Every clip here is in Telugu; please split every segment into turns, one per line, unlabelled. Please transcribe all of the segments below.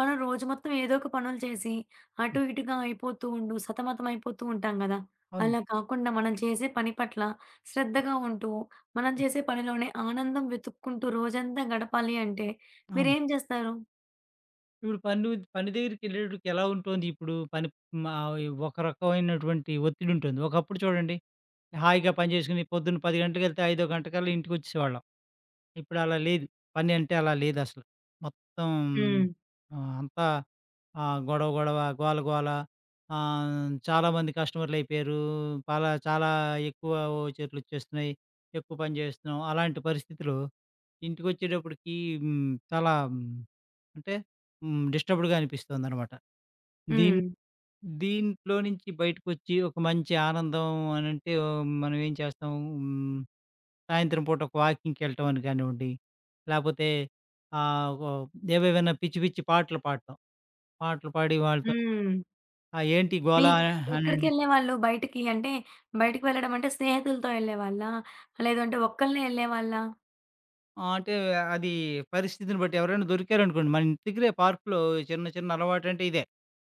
మనం రోజు మొత్తం ఏదో ఒక పనులు చేసి,
హ్మ్.
అటు ఇటుగా అయిపోతూ ఉండు సతమతం అయిపోతూ ఉంటాం కదా!
అవునండి.
అలా కాకుండా మనం చేసే పని పట్ల శ్రద్ధగా ఉంటూ, మనం
హ్మ్.
చేసే పనిలోనే ఆనందం వెతుక్కుంటూ రోజంతా గడపాలి అంటే,
అవును.
మీరేం చేస్తారు?
ఇప్పుడు పని ఉద్ పని దగ్గరికెళ్ళేటప్పడికి ఎలా ఉంటోంది ఇప్పుడు పనిప్ మా ఈ ఒక రకమైనటువంటి ఒత్తిడుంటుంది. ఒకప్పుడు చూడండి. హాయిగా పనిచేసుకొని పొద్దున్న 10 గంటకెళ్తే ఐదో గంటకల్లా ఇంటికొచ్చేసేవాళ్ళం. ఇప్పుడు అలా లేదు. పనంటే అలా లేదసలు. మొత్తం.
హ్మ్.
ఆహ్, అంతా ఆహ్, గొడవ, గొడవ. గోల, గోల. ఆహ్, చాలా మంది కస్టమర్లయిపోయారు. పాలా చాలా ఎక్కువ ఓచర్లొచ్చేస్తున్నాయి, ఎక్కువ పని జేస్తున్నాం. అలాంటి పరిస్థితులో ఇంటికొచ్చేటప్పడికి హ్మ్. చాలా హ్మ్. అంటే. హ్మ్. డిస్టర్బ్డ్‌గా అనిపిస్తోందనమాట. దీన్
హ్మ్.
దీంట్లో నుంచి బయటకొచ్చి ఒక మంచి ఆనందం అనంటే మనం ఏం చేస్తం? హ్మ్. సాయంత్రం పూట ఒక వాకింగ్‌కెళ్ళటం అని కానివ్వండి, లేపోతే ఆహ్, వవ్ ఏవేమైనా పిచ్చి, పిచ్చి పాటలు పాడటం. పాటలు పాడి వాళ్ళతో
హ్మ్.
"ఆ! ఏంటి
మీ
గోలా" అ అనన్
ఎక్కడికెళ్ళేవాళ్ళు? బయటికి అంటే, బయటికి వెళ్ళడంంటే స్నేహితులతో ఎళ్ళేవాళ్ళా? లేదంటే ఒక్కళనే వెళ్ళేవాళ్ళా?
ఆ! అంటే అది పరిస్థితిని బట్టి ఎవరైనా దొరికారనుకోండి. మనం తిరిగే పార్కులో, చిన్న చిన్న అలవాటంటే ఇదే.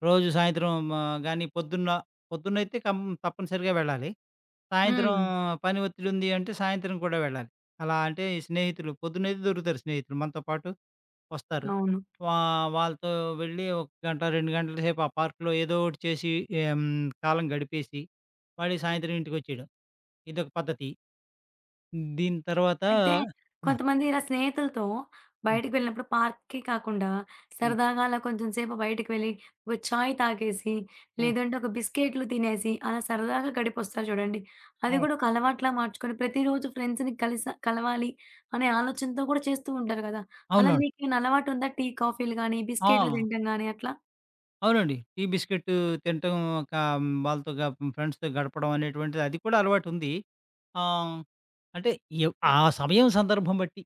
రోజు సాయంత్రం మా గాని పొద్దున్న పొద్దున్నయితే కంప్ తప్పనిసరిగా వెళ్ళాలి. సాయంత్రం
హ్మ్.
పని ఒత్తిడుంది అంటే సాయంత్రం కూడా వెళ్ళాలి. అలా అంటే ఈ స్నేహితులు పొద్దున్నయితే దొరుకుతారు స్నేహితులు. మనతో పాటు వస్తారు.
అవును.
వా వాళ్ళతో వెళ్ళి ఒక గంట, 2 గంటల సేపు ఆ పార్కులో ఏదో ఒకటి చేసి ఆహ్, హ్మ్ కాలం గడిపేసి, మళ్ళీ సాయంత్రం ఇంటికొచ్చేయడం, ఇదొక పద్ధతి. దీని తర్వాత
అయితే
ఆ!
కొంతమంది ఇలా స్నేహితులతో
హ్మ్.
బయటికి వెళ్ళినప్పుడు పార్క్‌కి కాకుండా,
హ్మ్.
సరదాగా అలా కొంచెంసేపు బయటికి వెళ్ళి ఒక ఛాయ్ తాగేసి,
హ్మ్.
లేదంటే ఒక బిస్కెట్లు తినేసి, అలా సరదాగా గడిపొస్తారు చూడండి, అది
అవును.
గూడా ఒక అలవాటులా మార్చుకొని ప్రతిరోజు ఫ్రెండ్స్‌ని కలిస కలవాలి అనే ఆలోచనతో కూడా చేస్తూ ఉంటారు గదా! అలా
అవునవును.
మీకీని అలవాటుందా? టీ, కాఫీలు గానీ, బిస్కెట్లు
ఆ!
తినటం గాని అట్లా?
అవునండి. టీ, బిస్కెట్టు తినటం కా వాళ్ళతో గ ఫ్రెండ్స్‌తో గడపడం అనేటువంటిది అది కూడా అలవాటుంది. ఆహ్, అంటే ఎవ్ ఆ సమయం సందర్భం బట్టి.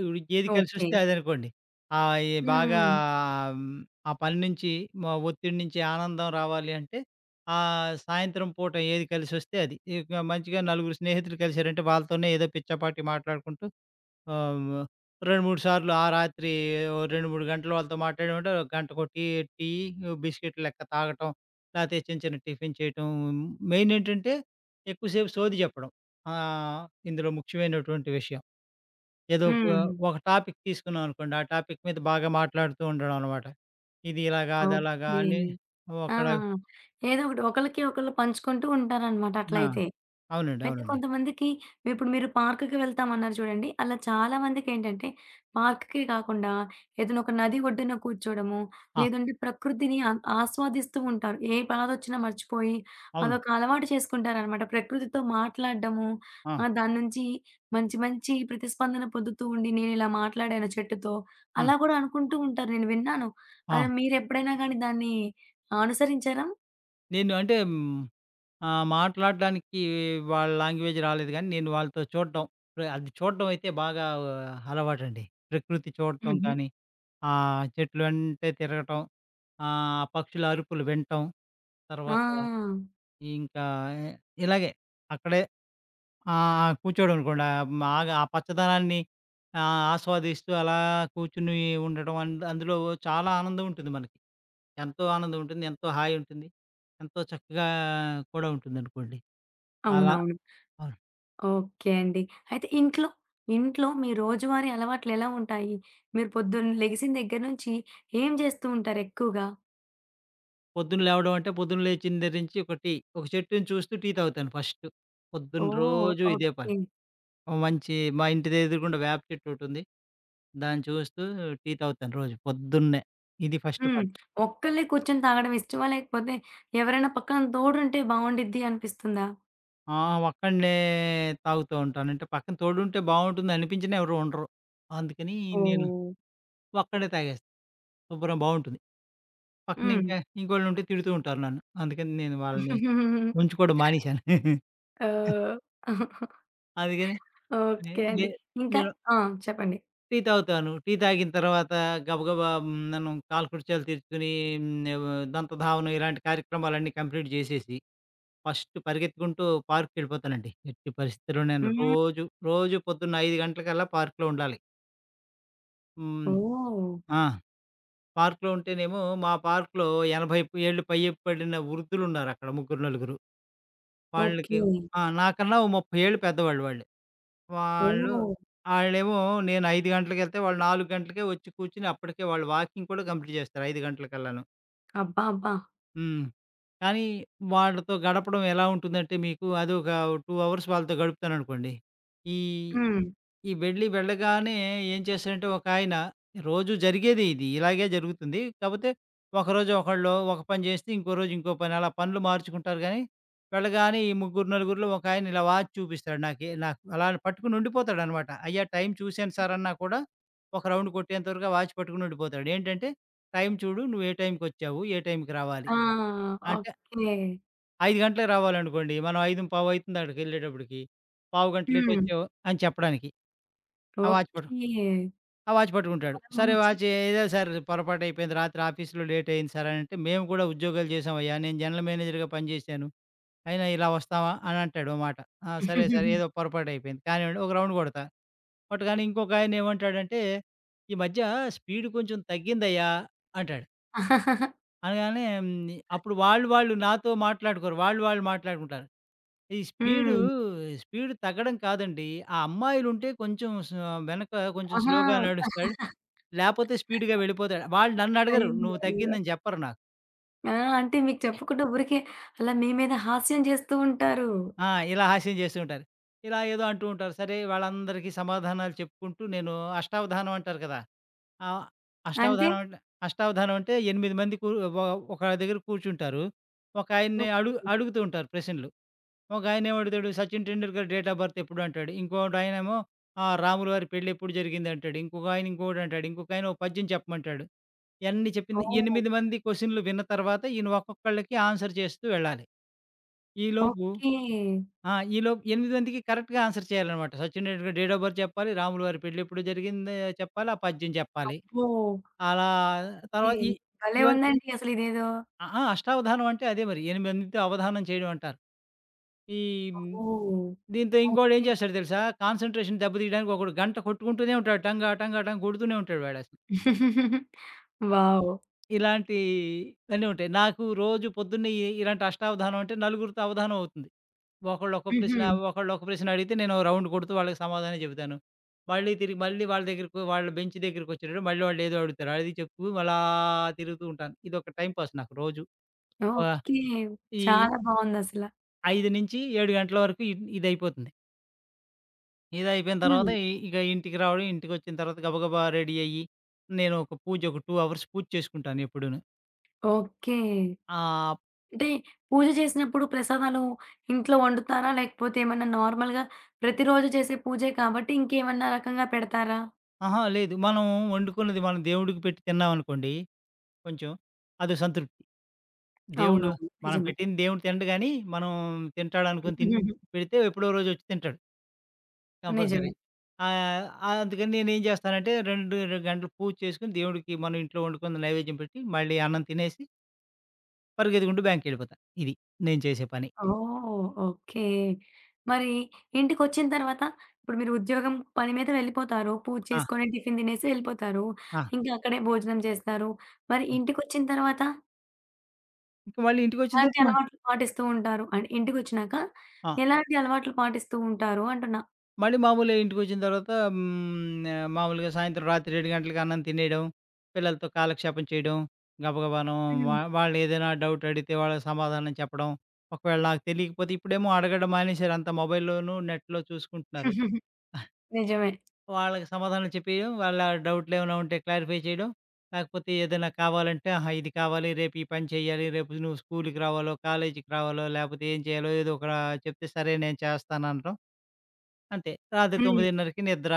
ఇప్పుడు ఏది కలిసొస్తే
ఓకే.
అదనుకోండి, అయి బాగా
హ్మ్.
హ్మ్, ఆ పని నుంచి మా ఒత్తిడి నుంచి ఆనందం రావాలి అంటే ఆ సాయంత్రం పూట ఏది కలిసొస్తే అది. ఇక మంచిగా నలుగురు స్నేహితులు కలిసారంటే వాళ్ళతోనే ఏదో పిచ్చాపాటీ మాట్లాడుకుంటూ, ఆహ్, హ్మ్. 2, 3 సార్లు, ఆ రాత్రి ఓ 2, 3 గంటలు వాళ్ళతో మాట్లాడామంటే గంటకొ టీ టీ బిస్కెట్టు లెక్క తాగటం. లేతే చిన్న చిన్న టిఫిను చేయటం, మెయినేంటంటే ఎక్కువసేపు సోది చెప్పడం. ఆహ్, ఇందులో ముఖ్యమైనటువంటి విషయం. ఏదో ఒక
హ్మ్.
ఒక టాపిక్ తీసుకున్నాం అనుకోండి, ఆ టాపిక్ మీద బాగా మాట్లాడుతూ ఉండడం అనమాట. ఇది ఇలాగా, అదలాగా
ఓకే.
అని. ఓ
ఆ!
అక్కడ
ఏదో ఒకటి. ఒకళ్ళకి ఒకళ్ళు పంచుకుంటూ ఉంటారనమాట
ఆ!
అట్లయితే.
అవునండి.
అయితే
అవునండి.
కొంతమందికి ఇప్పుడు మీరు పార్కుకి వెళ్తామన్నారు చూడండి, అలా చాలామందికేంటంటే పార్కుకే కాకుండా ఏదైనా ఒక నది ఒడ్డున కూర్చోడము
ఆ!
లేదంటే ప్రకృతిని ఆ ఆస్వాదిస్తూ ఉంటారు. ఏ బాధొచ్చినా మర్చిపోయి
అవును.
అదొక అలవాటు చేసుకుంటారనమాట. ప్రకృతితో మాట్లాడడము
ఆ!
ఆహ్, దాని నుంచి మంచి మంచి ప్రతిస్పందన పొద్దుతూ ఉండి నేనిలా మాట్లాడాను చెట్టుతో,
హ్మ్.
అలా గూడా అనుకుంటూ ఉంటారు. నేను విన్నాను.
ఆ!
ఆహ్, మీరు ఎప్పుడైనా గాని దాన్ని అనుసరించారా?
నేను అంటే హ్మ్, ఆహ్, మాట్లాడడానికి వాళ్ళ లాంగ్వేజ్ రాలేదు గానీ నేను వాళ్ళతో చూడటం, ప్ర అది చూడడం అయితే బాగా అలవాటండి. ప్రకృతి చూడటం
హుహు.
కానీ, ఆ చెట్లు అంటే తిరగటం, ఆహ్, ఆ పక్షుల అరుపులు వింటం, తర్వాత
ఆ!
ఇంకా ఇలాగే అక్కడే ఆ! ఆ! కూర్చోడమనుకోండి, ఆహ్, మా ఆ పచ్చదనాన్ని ఆహ్, ఆస్వాదిస్తూ అలా కూర్చొని ఉండటం అం అందులో చాలా ఆనందం ఉంటుంది మనకి. ఎంతో ఆనందం ఉంటుంది. ఎంతో హాయుంటుంది. ఎంతో చక్కగా కూడా ఉంటుందనుకోండి. అలా.
అవునవును.
అవును.
ఓకే అండి. అయితే ఇంట్లో? ఇంట్లో మీ రోజువారీ అలవాట్లెలా ఉంటాయి? మీరు పొద్దున్న లెగిసిన దగ్గర నుంచి ఏం చేస్తూ ఉంటారెక్కూగా?
పొద్దున లేవడం అంటే పొద్దున లేచి దెగ్గర నుంచి ఒక టి. ఒక చెట్టుని చూస్తూ టీ తాగుతాను ఫస్టు. పొద్దున్న
ఓహ్!
రోజు ఇదే పని.
ఓకే.
ఓ మంచి మా ఇంటెదురుగుండా వేప చెట్టొకటుంది. దాన్ని చూస్తూ టీ తాగుతాను రోజు పొద్దున్నే. ఇది ఫస్టు
హ్మ్.
పని.
ఒక్కళ్ళే కూర్చొని తాగడం ఇష్టమా? లేకపోతే ఎవరైనా పక్కన తోడుంటే బావుండిద్ది అనిపిస్తుందా?
ఆ! ఒక్కడినే తాగుతూ ఉంటాను. అంటే పక్కన తోడుంటే బావుంటుంది అనిపించిన ఎవరు ఉండరు. అందుకని నేను,
ఓహ్!
ఒక్కడినే తాగేస్తా. శుభ్రంగా బావుంటుంది. పక్కన
హ్మ్.
ఇంకోళ్ళు ఉంటే తిడుతూ ఉంటారు నన్ను. అందుకని నేను వాళ్ళని ఉంచుకోవడం మానేశాను.
ఓహ్!
అదిగని ఏ
ఓకే
ఏ
అండి. ఇంకా
నేను
ఆ! చెప్పండి.
టీ తాగుతాను. టీ తాగిన తర్వాత గబగబ హ్మ్. ననుం కాలకృత్యాలు తీర్చుకొని, హ్మ్. దంతధావనం ఇలాంటి కార్యక్రమాలన్నీ కంప్లీట్ జేసేసి, ఫస్ట్ పరిగెత్తుకుంటూ పార్క్‌కెళ్ళిపోతానండి. ఎట్టి పరిస్థితిలో నేను
హ్మ్.
రోజు, రోజు పొద్దున్న 5 గంటలకల్లా పార్క్‌లో ఉండాలి. హ్మ్.
ఓహ్!
ఆ! పార్క్‌లో ఉంటేనేమో, మా పార్క్‌లో 80 ఏళ్ళు పై పడిన వృద్ధులు ఉన్నారుక్కడ ముగ్గురు, నలుగురు.
ఓకే.
వాళ్ళకి ఆ! నాకన్నా ఓ 30 ఏళ్ళు పెద్దవాళ్ళు వాళ్ళు. వాళ్ళు,
ఓహ్!
ఆళ్ళేమో నేను 5 గంటలకెళ్తే, వాళ్ళు 4 గంటలకే వచ్చి కూర్చొని అప్పటికే వాళ్ళు వాకింగ్ కూడా కంప్లీట్ చేస్తారు 5 గంటలకల్లాను.
అబ్బా! అబ్బా!
హ్మ్. కానీ, వాళ్ళతో గడపడం ఎలా ఉంటుందంటే, మీకు అదొక 2 అవర్స్ వాళ్ళతో గడుపుతాననుకోండి, ఈ
హ్మ్.
వెళ్ళి వెళ్ళగానే ఏం చేశారంటే, ఒకాయన రోజు జరిగేది ఇది, ఇలాగే జరుగుతుంది. కాపోతే, ఒకరోజు ఒకళ్ళు ఒక పని చేస్తే, ఇంకో రోజు ఇంకో పని అలా పనులు మార్చుకుంటారు గానీ, వెళ్ళగానే ఈ ముగ్గురు, నలుగురు‌లో ఒకాయన ఇలా వాచ్ చూపిస్తాడు నాకె నాకు అలాని పట్టుకొని ఉండిపోతాడనమాట. అయ్యా టైం చూసాను సార్ అన్న కూడా, ఒక రౌండ్ కొట్టేంతవరకు ఆ వాచ్ పట్టుకొని ఉండిపోతాడు. ఏంటంటే, "టైం చూడు, నువ్వు ఏ టైంకొచ్చావు, ఏ టైం‌కి రావాలి?"
ఆ!
అంటే
ఓకే.
5 గంటలకు రావాలనుకోండి. మనం 5:15 అయతుంది అక్కడికి వెళ్ళేటప్పటికి. పావు గంట లేట్
హ్మ్.
వచ్చావు అని చెప్పడానికి. ఆ వాచ్ పట్టు
ఓకే.
ఆ వాచ్ పట్టుకుంటాడు.
చాలా
సరే
మంచి
వాచీ "ఏదో సార్ పొరపాటు అయిపోయింది. రాత్రి ఆఫీసులో లేట్ అయింది సార్" అని అంటే, "మేము కూడా ఉద్యోగాలు చేసామయ్యా! నేను జనరల్ మేనేజర్‌గా పని చేేశాను. అయినా ఇలా వస్తామా?" అని అంటాడు ఓ మాట. "ఆ! సరే, సరే ఏదో పొరపటు అయిపోయింది. కానీవ్వండి" ఒక రౌండ్ కొడతా. కొట్టగానే ఇంకొకాయన ఏమంటాడంటే, "ఈ మధ్య స్పీడ్ కొంచెం తగ్గిందయా!" అంటాడు. అనగానే హ్మ్, ని అప్పుడు వాళ్ళు, వాళ్ళు నాతో మాట్లాడుకోరు, వాళ్ళు, వాళ్ళు మాట్లాడుకుంటారు. ఈ స్పీడు,
హ్మ్.
స్పీడు తగ్గడం కాదండి, ఆ అమ్మాయిలుంటే కొంచెం స వెనక కొంచెం
ఆహా!
స్లోగా నడుస్తాడు. లేకపోతే స్పీడుగా వెళ్ళిపోతాడు. వాళ్ళు నన్నడగరు,
అయ్యొ!
నువ్వు
అయ్యో!
తగ్గిందని చెప్పరు నాకు.
ఆ! అంటే, మీకు చెప్పకుండా ఊరికే అలా మీ మీద హాస్యం చేస్తూ ఉంటారు.
ఆ! ఇలా హాస్యం చేస్తూ ఉంటారు. ఇలా ఏదో అంటూ ఉంటారు. సరే, వాళ్ళందరికీ సమాధానాలు చెప్పుకుంటూ నేను అష్టావధానం అంటారు కదా! ఆహ్,
అంటే?
అష్టావధానం అంట అష్టావధానం అంటే ఎనిమిది మంది కూరు ఒ ఒక దగ్గర కూర్చుంటారు. ఒకయన్ని
ఓకే.
అడుగు అడుగుతూ ఉంటారు ప్రశ్నలు. ఒకాయన ఏమడతాడు, Sachin Tendulkar date of birth ఎప్పుడు అంటాడు, ఇంకొకడు ఆయనేమో ఆహ్, రాములు వారి పెళ్ళెప్పుడు జరిగిందంటాడు, ఇంకొకాయన ఇంకొకటంటాడు, ఇంకొకాయన ఒక పధ్యం చెప్పమంటాడు. యన్ని చెప్పింది
ఓహ్!
ఎనిమిది మంది క్వెషన్లు విన్న తర్వాత ఈయన ఒక్కొక్కళ్ళకి ఆన్సర్ చేస్తూ వెళ్ళాలి. ఈలోపు
ఓకే.
ఆ! ఈలోపు ఎనిమిది మందికి కరెక్ట్‌గా ఆన్సర్ చేయాలనమాట. Sachin Tendulkar date of birth చెప్పాలి, రాములువారి పెళ్ళెప్పుడు జరిగిందో చెప్పాలి, ఆ పద్యం చెప్పాలి.
అబ్బో!
అలా
ఓకే.
తర్వాత ఈ
భలే
ఇవన్
ఉందండి అసలిదేదో!
ఆ! ఆ! అష్టావధానం అంటే అదే మరి. ఎనిమిది మందితో అవధానం చేయడం అంటారు. ఈ హ్మ్,
ఓహో!
దీంతో ఇంకోడేం ఏం
ఓకే.
చేస్తాడో తెలుసా? కాన్సంట్రేషన్ దెబ్బ తీయడానికొకడు గంట కొట్టుకుంటూనే ఉంటాడు. టంగా, టంగా, టంగ కొడుతూనే ఉంటాడు వాడసల. అ
వావ్!
ఇలాంటి ఇవన్నీ ఉంటాయి. నాకు రోజు పొద్దున్నే ఎ ఇలాంటి అష్టావధానం అంటే నలుగురితో అవదానం అవుతుంది. ఒకళ్ళు ఒక్క ప్రశ్న,
హుహు.
ఒకళ్ళు ఒక ప్రశ్న అడిగితే నేనో రౌండు కొడుతూ వాళ్ళకి సమాధానం చెప్తాను. మళ్ళీ తిరిగి, మళ్ళీ వాళ్ళ దగ్గరకో వాళ్ళ బెంచి దగ్గరికొచ్చేటప్పటికి మళ్ళీ వాళ్ళేదో అడుగుతారు, అది చెప్తూ అలా తిరుగుతూ ఉంటాను. ఇదొక టైమ్ పాస్ నాకు రోజు. ఆహ్,
ఓకే.
ఈ
చాలా బావుందసల.
5-7 గంటల వరకు ఇడ్ ఇదైపోతుంది. ఇదయిపోయిన తర్వాత
హ్మ్.
ఇ ఇక ఇంటికి రావడం ఇంటికొచ్చిన తర్వాత గబగబా రెడీ అయ్యి. నేను ఒక పూజ ఒక 2 అవర్స్ పూజ చేసుకుంటాను ఎప్పుడును.
ఓకే.
ఆప్
అంటే పూజ చేసినప్పుడు ప్రసాదాలు ఇంట్లో వండుతారా? లేకపోతే ఏమన్నా నార్మల్‌గా ప్రతిరోజు చేసే పూజే కాబట్టి ఇంకేమన్నా రకంగా పెడతారా?
అహా! లేదు. మనం వండుకున్నది మనం దేవుడికి పెట్టి తిన్నామనుకోండి. కొంచెం. అదో సంతృప్తి. దేవుడు
అవునవును.
మనం
నిజమే.
పెట్టంది దేవుడు తినడు గానీ, మనం తింటాడునుకోని తిన్ పెడితే ఎప్పుడో రోజొచ్చి తింటాడు. కంపల్సరీ.
నిజమే.
ఆహ్, అందుకని నేనేం జేస్తానంటే రెండు రెండు గంటలు పూజ చేసుకొని దేవుడికి మనం ఇంట్లో వండుకుంది నైవేద్యం పెట్టి మళ్ళీ అన్నం తినేసి పరుగెతికుంటూ బ్యాంక్‌కెళ్ళిపోతా. ఇది. నేను చేసే పని.
ఓహ్! ఓకే. మరి ఇంటికొచ్చిన తర్వాత! ఇప్పుడు మీరు ఉద్యోగం పని మీద వెళ్ళిపోతారు పూజ
ఆ!
చేసుకొని టిఫిన్ తినేసి వెళ్ళిపోతారు.
ఆ!
ఇంకా అక్కడే భోజనం చేస్తారు. మరి
హ్మ్.
ఇంటికొచ్చిన తర్వాత
ఇంక వాళ్ళు ఇంటికొచ్చిన
ఎలాంటి
తర్వాత మ
అలవాట్లు పాటిస్తూ ఉంటారు? అంటే, ఇంటికొచ్చినాక
ఆ!
ఎలాంటి అలవాట్లు పాటిస్తూ ఉంటారు అంటున్నా?
మళ్ళీ మామూలే ఇంటికోచ్చిన తర్వాత హ్మ్, న్య మామూలుగా సాయంత్రం రాత్రి 7 గంటలకు అన్నం తినేయడం, పిల్లలతో కాలక్షేపం చేయడం, గబగబాను వా
హ్మ్.
వాళ్ళేదైనా డౌటడిగితే వాళ్ళకి సమాధానం చెప్పడం, ఒకవేళ నాకు తెలియకపోతే ఇప్పుడేమో అడగడం మానేసారు అంతా మొబైల్‌లోను, నెట్‌లో చూసుకుంటున్నారు. ఆహ్.
నిజమే.
వాళ్ళకి సమాధానం చెప్పియడం, వాళ్ళ డౌట్లేమైనా ఉంటే క్లారిఫై చేయడం, కాకపోతే ఏదన్నా కావాలంటే ఆహా! ఇది కావాలి, రేపి పని చేయాలి, రేపు నువ్వు స్కూలు‌కి రావాలో, కాలేజీకి రావాలో లేకపోతే ఏం చేయాలో ఏదోక చెప్తే సరే నేను చేస్తాననటం. అంతే రాత్రి
హ్మ్.
9:30కి నిద్ర.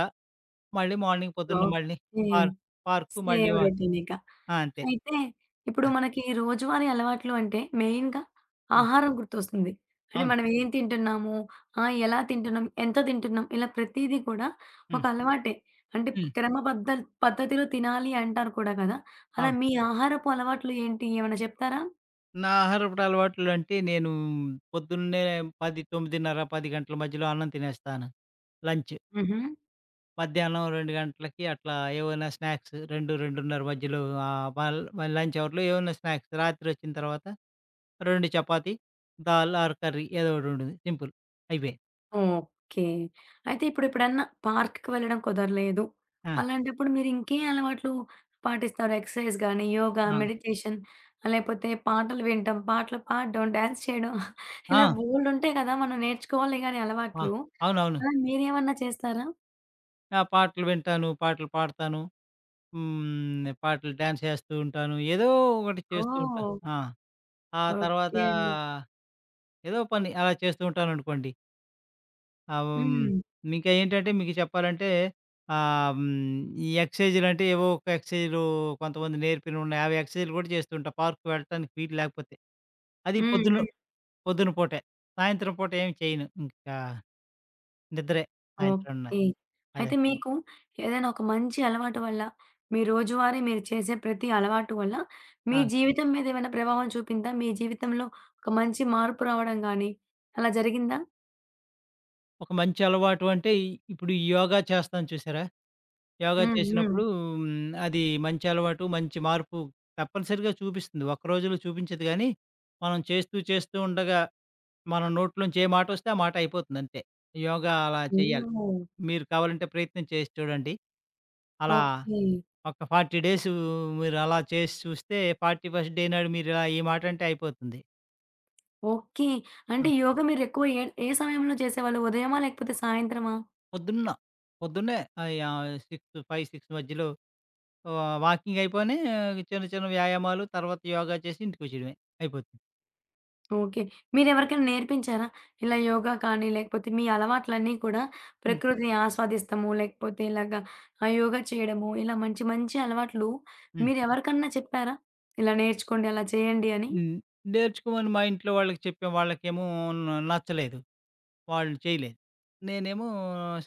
మళ్ళీ మార్నింగ్ పొద్దున్న మళ్ళీ
ఓకే.
పార్ పార్కు మళ్ళీ
సేమ్
వ
రొటీనిక.
ఆ! అంతే.
అయితే ఇప్పుడు
ఆ!
మనకి రోజువారీ అలవాట్లు అంటే మెయిన్‌గా
హ్మ్.
ఆహారం గుర్తొస్తుంది. అంటే
అవును.
మనమేం తింటున్నాము? ఆహ్, ఎలా తింటున్నాం? ఎంతో తింటున్నాం? ఇలా ప్రతీదీ కూడా
హ్మ్.
ఒకలవాటే. అంటే
హ్మ్.
క్రమ బద్ధ పద్ధతిలో తినాలి అంటారు కూడా కదా! అలా
అవును.
మీ ఆహారపు అలవాట్లు ఏంటి? ఏమన్నా చెప్తారా?
నా ఆహారపుటలవాట్లంటే నేను పొద్దున్నే పది తొమ్మిదిన్నర, 10 గంటల మధ్యలో అన్నం తినేస్తాను. లంచు.
హుహు.
మధ్యాహ్నం 2 గంటలకి, అట్లా ఏమన్నా స్నాక్స్ 2:00, 2:30 మధ్యలో ఆహ్, మల్ మల్లి లంచ్ అవర్‌లో ఏమన్నా స్నాక్స్ రాత్రొచ్చిన తర్వాత, 2 చపాతీ, దాల్ ఆర్ కర్రీ ఏదో ఒకటి ఉంటుంది సింపుల్. అయిపే.
ఓకే. అయితే ఇప్పుడు ఎప్పుడన్నా పార్క్‌కి వెళ్ళడం కుదరలేదు.
ఆ!
అలాంటప్పుడు మీరింకే అలవాట్లు పాటిస్తారు ఎక్సర్సైజ్ గానీ, యోగా,
ఆ!
మెడిటేషన్ లేపోతే పాటలు వినడం, పాటలు పాడడం, డాన్స్ చేయడం ఇలా
ఆ!
బోల్డు ఉంటాయి కదా! మనం నేర్చుకోవాలి గాని
ఆ!
అలవాట్లు.
అవునవును.
అలా మీరేమన్నా చేస్తారా?
ఆ! పాటలు వింటాను, పాటలు పాడతాను. హ్మ్, పాటలు డాన్స్ ఏస్తూ ఉంటాను. ఏదో ఒకటి చేస్తూ ఉంటాను.
ఓహ్!
ఆ! ఆ తర్వాత,
ఓకే అండి.
ఏదో పని అలా చేస్తూ ఉంటాననుకోండి. ఆహ్,
హ్మ్.
ఇంక ఏంటంటే
కాని
మీకు చెప్పాలంటే, ఆహ్, హ్మ్, ఈ ఎక్ససైజులంటే ఏవో ఒక ఎక్సైజులు కొంతమంది నేర్పినై ఉన్నయి. అవి ఎక్సైజ్లు కూడా చేస్తూ ఉంటాం. పార్క్‌కి వెళ్ళటానికి వీలు లేకపోతే. అది
హ్మ్,
పొద్దున
హ్మ్.
పొద్దున పూటె. సాయంత్రం పూట ఏమి చేయను. ఇంకా, నిద్రే. సాయింత్రం అన్న
ఓకే.
అదే.
అయితే మీకు ఏదైనా ఒక మంచి అలవాటు వల్ల, మీ రోజువారీ మీరు చేసే ప్రతి అలవాటు వల్ల మీ
ఆ!
జీవితం మీదేమన్న ప్రభావం చూపిందా? మీ జీవితంలో ఒక మంచి మార్పు రావడం గాని, అలా జరిగిందా?
ఒక మంచి అలవాటు అంటే ఇప్పుడు యోగా చేస్తాం చూసారా? యోగా
హ్మ్. హ్మ్.
చేసినప్పుడు హ్మ్, అది మంచి అలవాటు, మంచి మార్పు తప్పనిసరిగా చూపిస్తుంది. ఒక్క రోజుల్లో చూపించదు గానీ, మనం చేస్తూ చేస్తూ ఉండగా. మనం నోట్లో నుంచి ఏ మాటొస్తే ఆ మాటయిపోతుందంతే. యోగా అలా చేయాలి.
హ్మ్.
మీరు కావాలంటే ప్రయత్నం చేసి చూడండి. అలా
ఓకే.
ఒక 40 డేసు మీరలా చేసి చూస్తే, ఫార్టీ ఫస్ట్ డే నాడు మీరు ఇలా ఈ మాట అంటే అయిపోతుంది.
ఓకే. అంటే
ఆ!
యోగ మీరెక్కువ ఏ ఏ సమయంలో చేసేవాళ్ళు? ఉదయమా లేకపోతే సాయంత్రమా?
పొద్దున్న. పొద్దున్నే ఆయా సిక్సు, 5, 6 మధ్యలో వా వాకింగ్ అయిపోగానే, చిన్న చిన్న వ్యాయామాలు తర్వాత యోగా చేసి ఇంటికొచ్చేయడమే, అయిపోతుంది.
ఓకే. మీరెవరికైనా నేర్పించారా? ఇలా యోగా కానీ లేకపోతే మీ అలవాట్లన్నీ కూడా
హ్మ్.
ప్రకృతిని ఆస్వాదిస్తము లేకపోతే ఇలాగ ఆహ్, యోగా చేయడము ఇలా మంచి మంచి అలవాట్లు
హ్మ్.
మీరు ఎవరికన్నా చెప్పారా? ఇలా నేర్చుకోండి, అలా చేయండి అని?
హ్మ్. నేర్చుకోమని మా ఇంట్లో వాళ్ళకి చెప్పా, వాళ్ళకేమో న నచ్చలేదు. వాళ్లు చేయలేదు. నేనేమో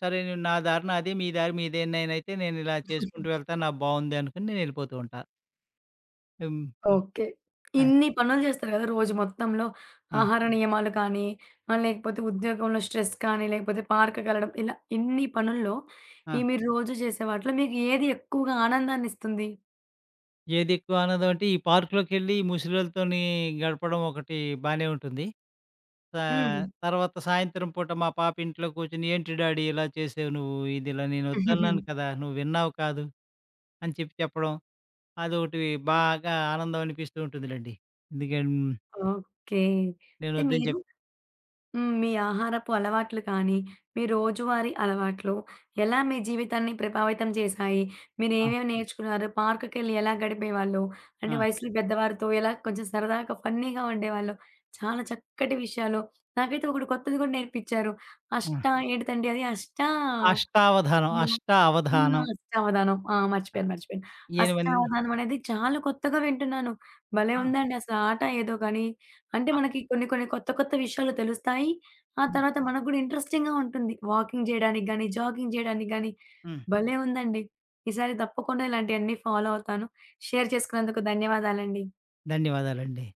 సరే, "నా దారి నాదే, మీ దారి మీదే. నేనయితే నేనిలా చేసుకుంటూ వెళ్తా, నాకు బాగుంది" అనుకని నేనెళ్ళిపోతూ ఉంటా. హ్మ్.
ఓకే.
అది.
ఇన్ని పనులు చేస్తారు కదా! రోజు మొత్తంలో
ఆ!
ఆహార నియమాలు కానీ, ఆహ్, లేకపోతే ఉద్యోగంలో స్ట్రెస్ కానీ, లేకపోతే పార్క్ కెళ్లడం. ఇలా ఇన్ని పనుల్లో, ఈ
ఆ!
మీరు రోజు చేసే వాటిలో, మీకు ఏది ఎక్కువగా ఆనందాన్ని ఇస్తుంది?
ఏదెక్కువ ఆనందం అంటే, ఈ పార్క్‌లోకెళ్ళి ముసిలోల్లతోని గడపడం ఒకటి బానే ఉంటుంది. స
హ్మ్.
తర్వాత సాయంత్రం పూట మా పాప ఇంట్లో కూర్చొని ఏంటి డాడీ ఇలా చేసావు నువ్వు. ఇది ఇలా నేను వద్దన్నాను కదా! నువ్వు విన్నావు కాదు, అని చెప్పి చెప్పడం. అదొకటివి బాగా ఆనందం అనిపిస్తూ ఉంటుందిలెండి. దిగెం
ఓకే.
నేను
అయితే
వద్దు అని చెప్
మీరు హ్మ్. మీ ఆహారపు అలవాట్లు కానీ, మీ రోజువారీ అలవాట్లు, ఎలా మీ జీవితాన్ని ప్రభావితం చేసాయి,
ఆ!
మీరేమేమి నేర్చుకున్నారు, పార్క్‌కెళ్ళి ఎలా గడిపేవాళ్ళు, అంటే
ఆ!
వయసులు పెద్దవారితో ఎలా కొంచెం సరదాగా, ఫన్నీగా ఉండేవాళ్ళు చాలా చక్కటి విషయాలు. నాకైతే ఒకడు కొత్తది కూడా నేర్పిచ్చారు. అష్ట
ఆ!
ఏటితండి అది అష్ట?
అష్టావధానం.
ఏమో
అష్ట
హ్మ్,
అవధానం.
అష్టవధానం. ఆ!
ఆ!
మర్చిపోయాను, మర్చిపోయాను.
ఎనిమంది
అష్టవధానం. అనేది చాలా కొత్తగా వింటున్నాను. భలే
ఆ!
ఉందండి అసల ఆట ఏదో గానీ, అంటే
ఆ!
మనకి కొన్ని, కొన్ని కొత్త, కొత్త విషయాలు తెలుస్తాయి. ఆ
ఆ!
తర్వాత మనకు కూడా ఇంట్రెస్టింగ్‌గా ఉంటుంది వాకింగ్ చేయడానికి గానీ, జాగింగ్ చేయడానికి గాని.
హ్మ్.
భలే ఉందండి. ఈసారి తప్పకుండా ఇలాంటివన్నీ ఫాలో అవుతాను. షేర్ చేసుకున్నందుకు ధన్యవాదాలండి.
ధన్యవాదాలండి.